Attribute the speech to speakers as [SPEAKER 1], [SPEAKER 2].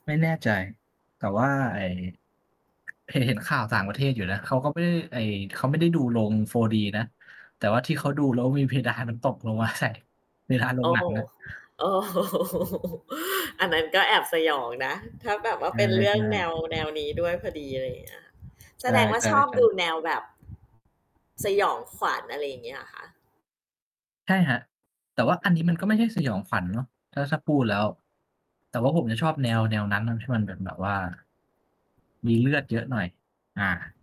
[SPEAKER 1] ไม่แน่ใจ แต่ว่าไอ้ เห็น เห็นข่าวต่างประเทศอยู่นะ เขาก็ไม่ได้ ไอ้เขาไม่ได้ดูโรง 4D นะ แต่ว่าที่เขาดูแล้วมีเพดานมันตกลงมาใส่ เพดานโร
[SPEAKER 2] โอ
[SPEAKER 1] ง
[SPEAKER 2] ้
[SPEAKER 1] หนั
[SPEAKER 2] โฮ
[SPEAKER 1] ง
[SPEAKER 2] ้
[SPEAKER 1] อะ
[SPEAKER 2] โอ้ อันนั้นก็แอบสยองนะ ถ้าแบบว่า
[SPEAKER 1] ใช
[SPEAKER 2] เป็นเรื่อง
[SPEAKER 1] ่
[SPEAKER 2] แนว
[SPEAKER 1] ๆ
[SPEAKER 2] แนวนี้ด้วยพอดี อะไรอย่างเงี้ย
[SPEAKER 1] ใ
[SPEAKER 2] แสดงว่า
[SPEAKER 1] ช
[SPEAKER 2] ชอบ
[SPEAKER 1] ่
[SPEAKER 2] ดู
[SPEAKER 1] ๆ ๆ
[SPEAKER 2] แนวแบบ สยองขวัญ อะไรอย่างเงี้ยเหรอคะ?
[SPEAKER 1] ใช่ครับ แต่ว่าอันนี้มันก็ไม่ใช่ สยองขวัญ เนาะ ถ้า ถ้าพูดแล้ว แต่ว่าผมจะชอบแนว แนวนั้นน่ะ ที่มันเป็นแบบว่า มีเลือดเยอะหน่อย อา